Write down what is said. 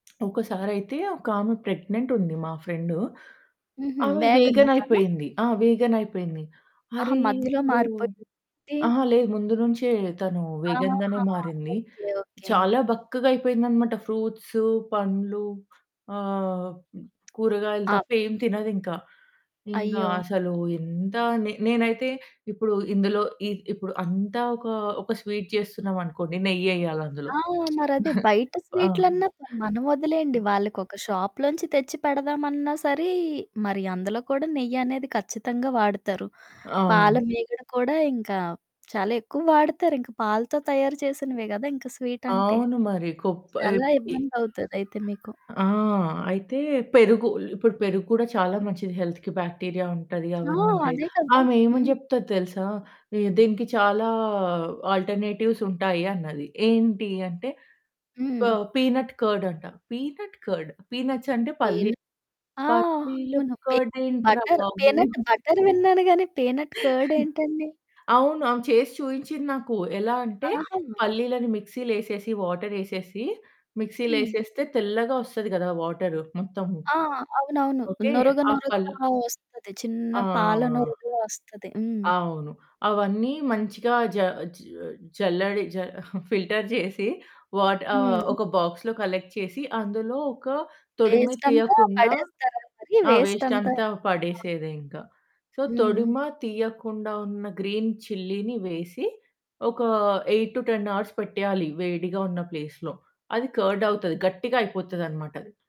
ఒకసారయితే ఒకామె ప్రెగ్నెంట్ ఉంది మా ఫ్రెండు. హుహు. ఆమె వేగనా వేగన్ తను? అయిపోయింది ఆ! వేగన్ అయిపోయింది ఆహా! అరె! మధ్యలో ఇప్పుడు మారిపోయిందా ఏంటి? అహా! లేదు ముందు నుంచే తను వేగన్‌గానే ఆహా! మారింది. ఓకే. ఓకే. చాలా బక్కగా అయిపోయిందనమాట. ఫ్రూట్స్ పండ్లు, ఆహ్, కూరగాయలు ఆప్ తప్ప ఏమి తినదింకా. ఇంకా అయ్యో! అసలు ఎంత, నే నేనైతే ఇప్పుడు ఇందులో ఈ ఇప్పుడు అంత ఒక ఒక స్వీట్ చేస్తున్నామనుకోండి నెయ్యెయాలందులో. ఆ! మరదే, బయట ఆ! స్వీట్‌లన్నా సరే మనం ఒదిలేయండి, వాళ్ళకొక షాప్‌లోంచి తెచ్చి పెడదామన్నా సరే, మరి అందులో కూడా నెయ్యనేది ఖచ్చితంగా వాడతారు. పాల అవును. మీగడ కూడా ఇంకా చాలా ఎక్కువ వాడుతారు. ఇంకా పాలతో తయారు చేసినవే గద, ఇంక స్వీటంటే. అవును మరి. కొప్ చాలా ఎప్ ఇ ఇబ్బందవుతది అయితే మీకు. ఆ! అయితే పెరుగు ఇప్పుడు పెరుగు గూడా చాలా మంచిది హెల్త్‌కి బాక్టీరియా ఉంటది ఆ! అవన్నుంటాయి. అదే కదా! ఆమె ఏమని హ్మ్. చెప్తది తెలుసా? దీనికి చాలా ఆల్టర్‌నేటివ్స్ ఉంటాయి అన్నది. ఏంటి? అంటే ప హ్మ్. పీనట్ కర్డ్ అంట పీనట్ కర్డ్? పీనట్స్ అంటే పీన్ పల్లి ఆ! పల్లిల అవును. పీనట్ కర్డ్ ఏంట్రా బటర్, బాబు! పీనట్ బటర్ విన్నాను గాని పీనట్ కర్డ్ ఏంటండి? అవును. ఆమె చేసి చూయించింది నాకు. ఎలా అంటే ఆహా! పల్లీలని మిక్సీలేసేసి వాటరేసేసి మిక్సీలో హ్మ్. ఏసేస్తే తెల్లగా ఒస్తది కదా! వాటరు మొత్తము. ఆ! అవునవును. ఓకే. నురగ ఆ! పల్ నురగలా వస్తది. చిన్న పాల ఆ! నురగలా వస్తది. హ్మ్. అవును. అవన్నీ మంచిగా జ జ జల్లడి జ ఫిల్టర్ జేసి వాట ఆహ్, హ్మ్. ఒక బాక్స్‌లో కలెక్ట్ చేసి అందులో ఒక తొడిమ వేస్టంతా తీయకుండా పడేస్తారా మరి? ఆ! వేస్ట్ వేస్టంతా? అంతా ఆ! పడేసేదే ఇంకా. సో హ్మ్. తొడిమ తీయకుండా ఉన్న గ్రీన్ చిల్లిని వేసి ఒక 8-10 అవర్స్ పెట్టేయాలి వేడిగా ఉన్న ప్లేస్‌లో అది కర్డ్ అవుతది. గట్టిగా అయిపోతదనమాట అది.